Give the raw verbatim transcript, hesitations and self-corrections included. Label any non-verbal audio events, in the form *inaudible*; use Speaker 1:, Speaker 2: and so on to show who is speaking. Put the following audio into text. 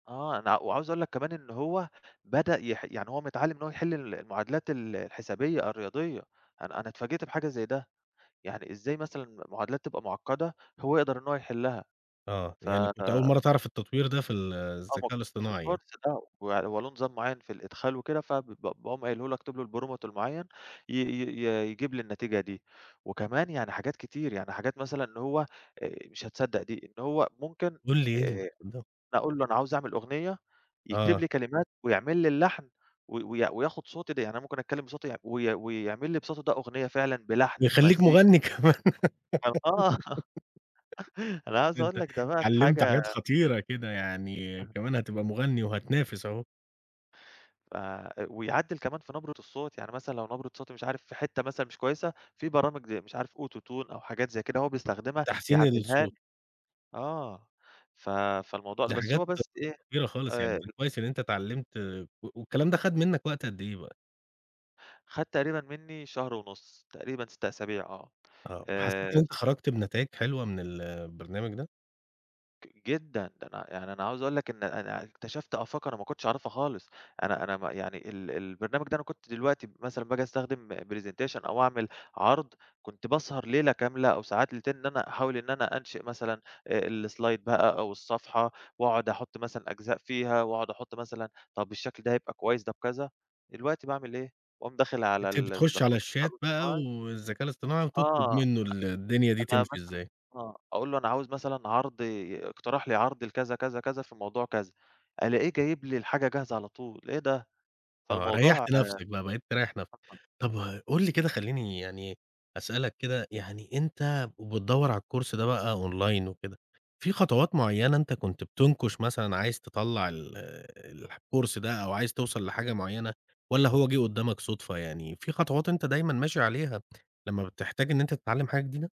Speaker 1: آه، أنا وعاوز اقول لك كمان إن هو بدأ يح يعني هو متعلّم إن هو يحل المعادلات ال الحسابية الرياضية، أنا أنا اتفاجئت بحاجة زي ده، يعني إزاي مثلًا المعادلات تبقى مُعقدة هو يقدر إن هو يحلّها
Speaker 2: آه،
Speaker 1: ف
Speaker 2: يعني كنت أول مرّة تعرف التطوير ده في
Speaker 1: *unintelligible*
Speaker 2: الذكاء
Speaker 1: في
Speaker 2: الاصطناعي.
Speaker 1: الكورس ده، ويعني هو له نظام معين في الإدخال وكده، فب ب باقوم قايله له اكتب له prompt المعين، ي ي ي يجيب لي النتيجة دي. وكمان يعني حاجات كتير، يعني حاجات مثلًا إن هو مش هتصدق دي، إن هو ممكن
Speaker 2: قُل لي إيه
Speaker 1: آآ،
Speaker 2: *unintelligible*
Speaker 1: أقول له أنا عاوز أعمل أغنية، يكتب
Speaker 2: آه.
Speaker 1: لي كلمات ويعمل لي اللحن وي وي وياخد صوتي د يعني أنا ممكن أتكلّم بصوتي وي وي ويعمل لي بصوتي ده أغنية فعلًا بلحن
Speaker 2: ويخلّيك
Speaker 1: بمزي
Speaker 2: مُغني كمان
Speaker 1: كان آه، *chuckles* أنا
Speaker 2: *laughs*
Speaker 1: عايز أقول
Speaker 2: أنت
Speaker 1: لك ده بقت
Speaker 2: أتعلّمت حاجات
Speaker 1: حاجة
Speaker 2: خطيرة كده، يعني
Speaker 1: *unintelligible*
Speaker 2: كمان هتبقى مُغني وهتنافس أهو.
Speaker 1: ف ويعدّل كمان في نبرة الصوت، يعني مثلًا لو نبرة صوتي مش عارف في حتّة مثلًا مش كويسة في برامج زي مش عارف AutoTune أو حاجات زي كده هو بيستخدمها
Speaker 2: تحسين
Speaker 1: يعدلها
Speaker 2: الصوت.
Speaker 1: لك. آه، ف فالموضوع ال
Speaker 2: دي
Speaker 1: بس
Speaker 2: حاجات
Speaker 1: هو بس إيه
Speaker 2: كبيرة خالص يعني،
Speaker 1: آآ
Speaker 2: كويس إن أنت اتعّلمت و والكلام ده خَد منك وقت قَد إيه بقى؟
Speaker 1: خَد تقريبًا مني شهر ونص تقريبًا ست أسابيع آه،
Speaker 2: آه، وحسّيت إن
Speaker 1: آآ
Speaker 2: أنت خرجت بنتايج حلوة من البرنامج ده؟
Speaker 1: جدًا، ده أنا يعني أنا عاوز أقول لك إن أنا اكتشفت آفاق أنا ما كنتش أعرفها خالص. أنا أنا م يعني ال البرنامج ده أنا كنت دلوقتي مثلًا باجي أستخدم presentation أو أعمل عرض، كنت باسهر ليلة كاملة أو ساعات ليلتين إن أنا أحاول إن أنا أنشئ مثلًا آآ، الslide بقى أو الصفحة وأقعد أحط مثلًا أجزاء فيها وأقعد أحط مثلًا طب، الشكل ده هيبقى كويس طب، كذا دلوقتي باعمل إيه، باقوم داخل على
Speaker 2: أنت بتخُش على
Speaker 1: البرنامج.
Speaker 2: الشات بقى
Speaker 1: *unintelligible*
Speaker 2: والذكاء الاصطناعي وبتطلب
Speaker 1: آه، أ
Speaker 2: منه ال الدنيا دي
Speaker 1: أنا
Speaker 2: تمشي
Speaker 1: مثلًا
Speaker 2: إزاي.
Speaker 1: آه، أقول له أنا عاوز مثلًا عرض، اقترح لي عرض لكذا كذا كذا في موضوع كذا، ألاقيه جايب لي الحاجة جاهزة على طول، إيه ده!
Speaker 2: آه،
Speaker 1: فالموضوع
Speaker 2: ريّحت نفسك بقى، بقيت تريّح نفسك.
Speaker 1: *unintelligible*
Speaker 2: طب قُل لي كده، خلّيني يعني أسألك كده، يعني أنت وبتدوّر على الكورس ده بقى أونلاين وكده، في خطوات معيّنة أنت كنت بتُنكش مثلًا عايز تطلّع ال الح الكورس ده أو عايز توصَل لحاجة مُعينة والّا هو جِه قدامك صدفة يعني؟ في خطوات أنت دايمًا ماشي عليها لما بتحتاج إن أنت تتعلم حاجة جديدة؟